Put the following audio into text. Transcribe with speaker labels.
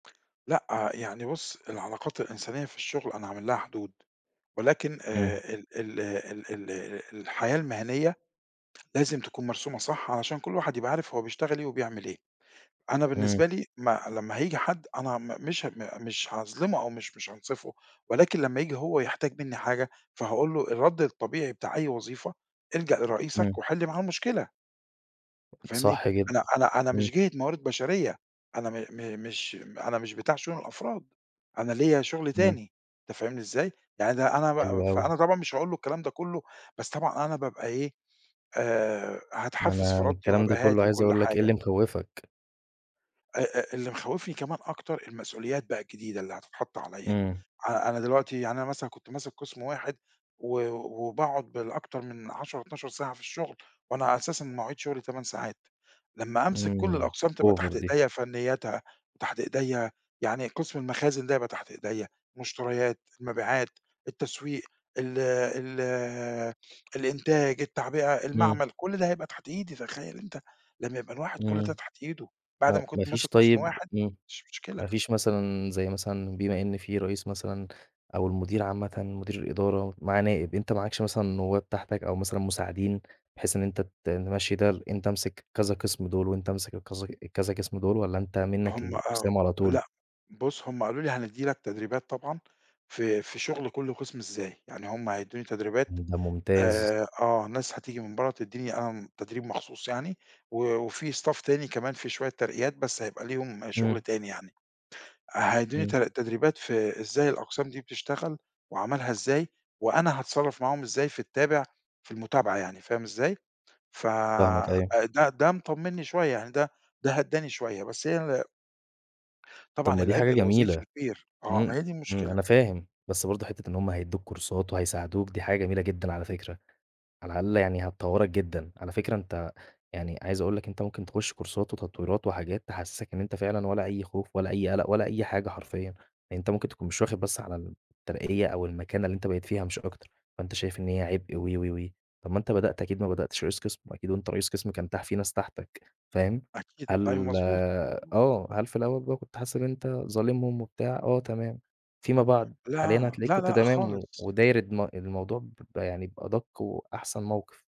Speaker 1: لأ، يعني بُصّ، العلاقات الإنسانية في الشغل أنا عامل لها حدود، ولكن
Speaker 2: إمم.
Speaker 1: آآ ال ال ال ال الحياة المِهنية لازم تكون مرسومة صح علشان كلّ واحد يبقى عارف هو بيشتغل إيه وبيعمل إيه، أنا
Speaker 2: إمم.
Speaker 1: بالنسبة لي ما لما هييجي حد أنا م مش ه مش هاظلِمه أو مش مش هانصِفه ولكن لما ييجي هو يحتاج منّي حاجة فهاقول له الرَّد الطبيعي بتاع أي وظيفة، الجَأ لرئيسك
Speaker 2: إمم.
Speaker 1: وحِل معاه المشكلة. فاهمني؟
Speaker 2: صح جدًا.
Speaker 1: أنا أنا أنا
Speaker 2: إمم.
Speaker 1: مش جِهة موارد بشرية، أنا م م مش أنا، مش بتاع شؤون الأفراد، أنا ليَّ شُغل
Speaker 2: إمم.
Speaker 1: تاني أنت فاهمني إزاي؟ يعني أنا
Speaker 2: حلو
Speaker 1: ب
Speaker 2: أوي.
Speaker 1: فأنا طبعًا مش هاقول له الكلام ده كلّه بس طبعًا أنا بابقى إيه، آآ
Speaker 2: ما
Speaker 1: هاتحفّز
Speaker 2: أنا
Speaker 1: في ردّّي
Speaker 2: الكلام ده
Speaker 1: وهابقى
Speaker 2: كلّه
Speaker 1: هادي
Speaker 2: عايز
Speaker 1: وكلّ
Speaker 2: أقول لك إيه
Speaker 1: حاجة.
Speaker 2: اللي مخوفك؟
Speaker 1: أ أ اللي مخوفني كمان أكتر المسؤوليات بقى الجديدة اللي هتتحط عليَّ.
Speaker 2: إمم.
Speaker 1: أنا أنا دلوقتي، يعني أنا مثلًا كنت ماسِك قِسم واحد و وباقعُد بالأكتر من 10، 12 ساعة في الشغل وأنا أساسًا مواعيد شغلي 8 ساعات، لما هامسِك كلّ
Speaker 2: إمم
Speaker 1: الأقسام تبقى
Speaker 2: over
Speaker 1: تحت
Speaker 2: دي.
Speaker 1: إيديّا، فنيّاتها تحت إيديّا يعني قسم المخازن ده يبقى تحت إيديّا، مُشتريات، المبيعات، التسويق، ال ال الإنتاج، التعبئة،
Speaker 2: إمم.
Speaker 1: المعمل، كلّ ده هيبقى تحت إيدي، تخيّل أنت لما يبقى الواحد كلّ ده
Speaker 2: إمم.
Speaker 1: تحت إيده بعد
Speaker 2: هو
Speaker 1: ما كنت
Speaker 2: مافيش،
Speaker 1: ماسك قِسم
Speaker 2: طيب
Speaker 1: واحد،
Speaker 2: امم،
Speaker 1: مش مشكلة.
Speaker 2: ما فيش مثلًا، زي مثلًا بما إن في رئيس مثلًا أو المدير عامةً، مدير الإدارة معاه نائب، أنت معكش مثلًا نوّاب تحتك أو مثلًا مساعدين بحيث إن ت تمشّي ده، أنت امسك كذا قِسم دول وأنت امسِك الكذا الكذا قِسم دول والّا أنت منك
Speaker 1: هُم آه،
Speaker 2: للأقسام على طول؟
Speaker 1: لأ بُصّ، هُم قالوا لي هندّي لك تدريبات طبعًا في في شُغل كلّ قِسم، إزاي، يعني هُم هيدّوني
Speaker 2: امم ده ممتاز.
Speaker 1: آآ، آه ناس هتيجي من برّه تدّيني آآ، تدريب مخصوص يعني، وفي staff تاني، كمان في شوية ترقيات بس هيبقى ليهم شُغل
Speaker 2: إمم.
Speaker 1: تاني يعني، هيدّوني
Speaker 2: إمم.
Speaker 1: ت تدريبات في إزاي الأقسام دي بتشتغل وعملها إزاي وأنا هاتصرّف معاهم إزاي في التابع، في المتابعة يعني فاهم إزاي؟ ف
Speaker 2: فاهمك، أيوه.
Speaker 1: ده ده مطمّني شوية، يعني ده ده هدّاني شوية بس هي
Speaker 2: طَب
Speaker 1: طبعًا،
Speaker 2: ما دي حاجة
Speaker 1: العبء
Speaker 2: جميلة،
Speaker 1: الوظيفي كبير، آه
Speaker 2: امم،
Speaker 1: ما هي دي
Speaker 2: امم،
Speaker 1: المشكلة.
Speaker 2: أنا فاهم بس برضه حِتّة إن هُم هيدّوك كورسات وهيساعدوك دي حاجة جميلة جدًا على فكرة، على الاقل يعني هتطوّرك جدًا، على فكرة أنت يعني عايز أقول لك أنت ممكن تخُش كورسات وتطويرات وحاجات تحسّسك إن أنت فعلًا ولا أي خوف، ولا أي قلق، ولا أي حاجة حرفيًا، أنت ممكن تكون مش واخد بس على الترقية أو المكانة اللي أنت بقيت فيها مش أكتر، فأنت شايف إن هي عِبء و، و، و، طَب وأنت بدأت أكيد ما بدأتش رئيس قسم، وأكيد وأنت رئيس قسم كان تح كان في ناس تحتك فاهم؟
Speaker 1: أكيد، أيوه،
Speaker 2: هل
Speaker 1: مضبوط، مضبوط.
Speaker 2: آه، هل في الأول كنت حاسس إن أنت كنت ظالمهم وبتاع؟ آه تمام، فيما بعد، حاليًا
Speaker 1: لا،
Speaker 2: هتلاقيك
Speaker 1: لأ،
Speaker 2: كنت
Speaker 1: لأ،
Speaker 2: تمام و
Speaker 1: خالص.
Speaker 2: وداير الم الموضوع ب يعني بأدَق وأحسن موقِف.